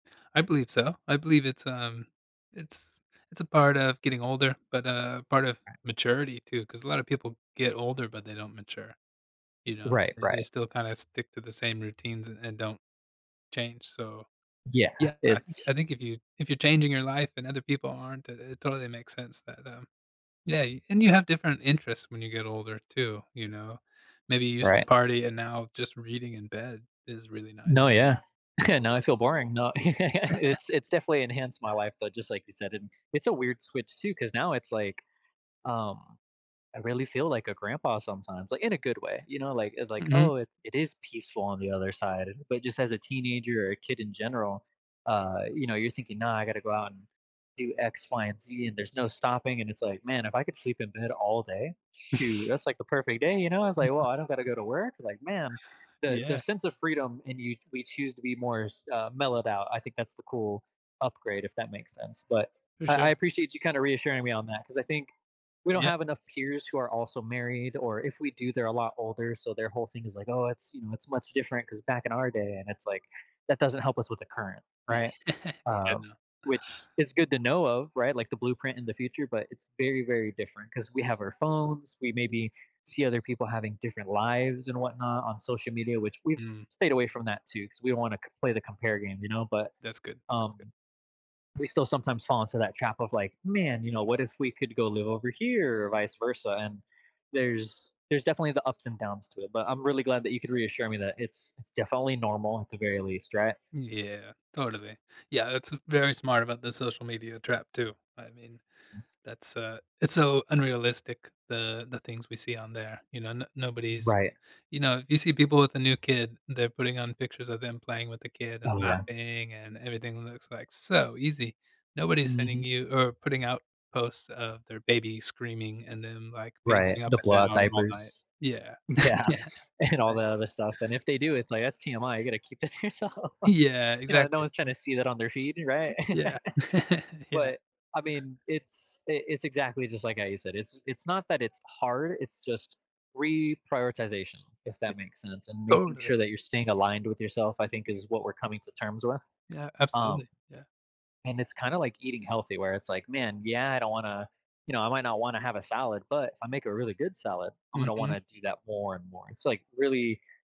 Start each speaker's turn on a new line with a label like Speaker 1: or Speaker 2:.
Speaker 1: I believe so. I believe it's, um it's it's a part of getting older, but a part of
Speaker 2: Right.
Speaker 1: maturity, too 'cause a lotta people get older but they don't mature. You know,
Speaker 2: Right,
Speaker 1: they
Speaker 2: right.
Speaker 1: still kinda stick to the same routines a and don't change, so,
Speaker 2: Yeah,
Speaker 1: yeah, I think I
Speaker 2: it's
Speaker 1: think if you if you're changing your life and other people aren't, i it totally makes sense that that, um yeah, and you have different interests when you get older too, you know? Maybe you used to
Speaker 2: Right.
Speaker 1: party and now just reading in bed is really ni
Speaker 2: No, yeah. Now I feel boring no, it's it's definitely enhanced my life, though, just, like, you said and it's a weird switch, too 'cause now it's, like, um, I really feel like a grandpa sometimes, like, in a good way, you know, like it like,
Speaker 1: Mhm.
Speaker 2: "Oh, it it is peaceful on the other side." But just as a teenager or a kid in general, uh, you know, you're thinking, "No, I gotta go out and do X, Y, and Z, and there's no stopping," and it's like, "Man, if I could sleep in bed all day, shoot, that's like the perfect day," you know? I was like, "Well, I don't gotta go to work." Like, man, the the
Speaker 1: Yeah.
Speaker 2: sense of freedom and you we choose to be more s uh, mellowed out, I think that's the cool upgrade, if that makes sense, but,
Speaker 1: For
Speaker 2: I I
Speaker 1: sure.
Speaker 2: appreciate you kinda reassuring me on that 'cause I think we don't
Speaker 1: Yeah.
Speaker 2: have enough peers who are also married or if we do, they're a lot older, so their whole thing is, like, "Oh, it's, you know, it's much different 'cause back in our day" And it's like, that doesn't help us with the current, right?
Speaker 1: I
Speaker 2: Uh,
Speaker 1: know.
Speaker 2: which is good to know of, right? Like, the blueprint in the future, but it's very, very different 'cause we have our phones, we
Speaker 1: [unintelligible]
Speaker 2: maybe see other people having different lives and what-not on social media, which we've
Speaker 1: Mm.
Speaker 2: stayed away from that, too, 'cause we wanna c play the compare game, you know? But,
Speaker 1: That's good, that's good.
Speaker 2: um, we still sometimes fall into that trap of, like, "Man, you know, what if we could go live over here," or vice versa, and there's there's definitely the ups and downs to it, but I'm really glad that you could reassure me that it's it's definitely normal at the very least, right?
Speaker 1: Yeah, totally, yeah that's, uh, very smart about the social media trap, too. I mean,
Speaker 2: Mm.
Speaker 1: that's, uh, it's so unrealistic, the the things we see on there, you know? No nobody's
Speaker 2: Right.
Speaker 1: you know, if you see people with a new kid, they're putting on pictures of them playing with the kid and
Speaker 2: Oh, yeah.
Speaker 1: laughing and everything looks like so easy. Nobody's sending
Speaker 2: Mhm.
Speaker 1: you or putting out posts of their baby screaming and then, like,
Speaker 2: Right,
Speaker 1: pacing up
Speaker 2: the
Speaker 1: and
Speaker 2: blowout
Speaker 1: down all night
Speaker 2: diapers.
Speaker 1: Yeah,
Speaker 2: Yeah,
Speaker 1: yeah,
Speaker 2: and all that
Speaker 1: exactly
Speaker 2: other stuff and if they do, it's like, "That's TMI, you gotta keep that to yourself."
Speaker 1: Yeah,
Speaker 2: You know, no
Speaker 1: exactly.
Speaker 2: one's tryna see that on their feed, right?
Speaker 1: Yeah, yeah.
Speaker 2: But, I mean, it's i it's exactly just like how you said, it's it's not that it's hard, it's just reprioritization, if
Speaker 1: Eh
Speaker 2: that makes sense, and making
Speaker 1: Totally.
Speaker 2: sure that you're staying aligned with yourself, I think, is what we're coming to terms with,
Speaker 1: Yeah,
Speaker 2: um,
Speaker 1: absolutely, yeah.
Speaker 2: and it's kinda, like, eating healthy where it's, like, "Man, yeah, I don't wanna you know, I might not wanna have a salad, but if I make a really good salad, I'm gonna
Speaker 1: Mhm.
Speaker 2: wanna do that more and more." It's, like, really